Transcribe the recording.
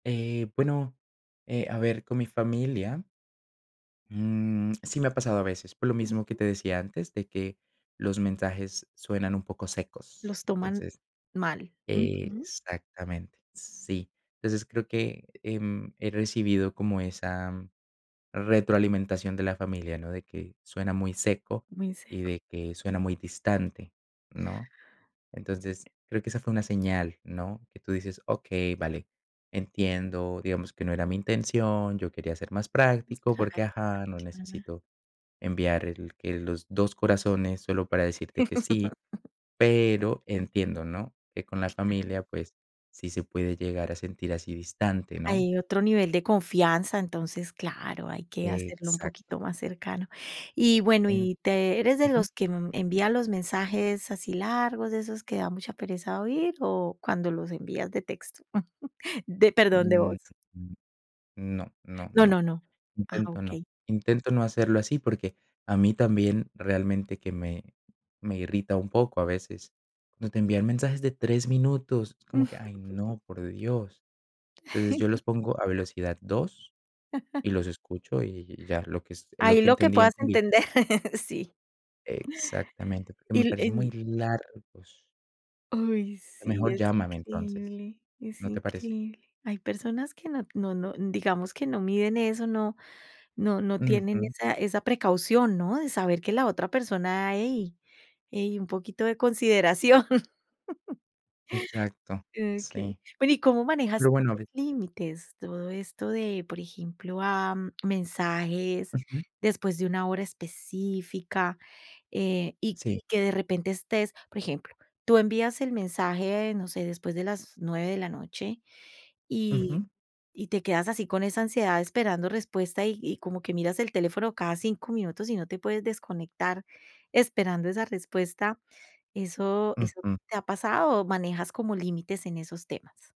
Eh, bueno, eh, a ver, con mi familia, mm, sí me ha pasado a veces, por lo mismo que Ujú. te decía antes, de que, los mensajes suenan un poco secos, Los toman, entonces. mal. Ujú. Exactamente, sí. Entonces creo que, em, he recibido como esa, retroalimentación de la familia, ¿no? De que, suena muy seco Muy y seco. de que suena muy distante, ¿no? Entonces, creo que esa fue una señal, ¿no? Que tú dices: "Okey, vale, entiendo, digamos que no era mi intención, yo quería ser más práctico, Mostrar. porque, ajá, no [unintelligible] necesito enviar el que los dos corazones solo para decirte que sí. Pero entiendo, ¿no? Que con la Claro. familia, pues, sí se puede llegar a sentir así distante, ¿no?". Hay otro nivel de confianza, entonces, claro, hay que hacerlo un Exacto. poquito más cercano. Y bueno, En y te ¿Eres de ujú. los que, mm, envía los mensajes así largos, de esos que da mucha pereza oír, o cuando los envías de texto, de perdón, de Mm, voz? no, no, No, no. no, no. Ah, Intento no, okey. intento no hacerlo así, porque, a mí también, realmente, que me, me irrita un poco a veces. Cuando te envían mensajes de 3 minutos, es como que: "Ay, no, por Dios". Entonces yo los pongo a velocidad 2 y los escucho, y y ya, lo que es lo Ahí, que lo que entendí, puedas entendí. entender, sí. Exactamente, porque Y me el parecen en muy largos. Oy, sí, Mejor es llámame, entonces, increíble, es ¿no te parece? increíble. Hay personas que no no no, digamos que no miden eso, no, no no tienen Ujú. esa esa precaución, ¿no? De saber que la otra persona: "Hey, hey un poquito de consideración". Exacto. Okey. Sí, Bueno, ¿y cómo lo manejas bueno los de límites? Todo esto de, por ejemplo, am, mensajes Ujú. después de una hora específica, eh, y Sí. que de repente estés, por ejemplo, tú envías el mensaje, no sé, después de las 9 de la noche, y, Ujú. y te quedas así con esa ansiedad esperando respuesta y y como que miras el teléfono cada 5 minutos y no te puedes desconectar, esperando esa respuesta, ¿eso, eso Ujú. te ha pasado o manejas como límites en esos temas?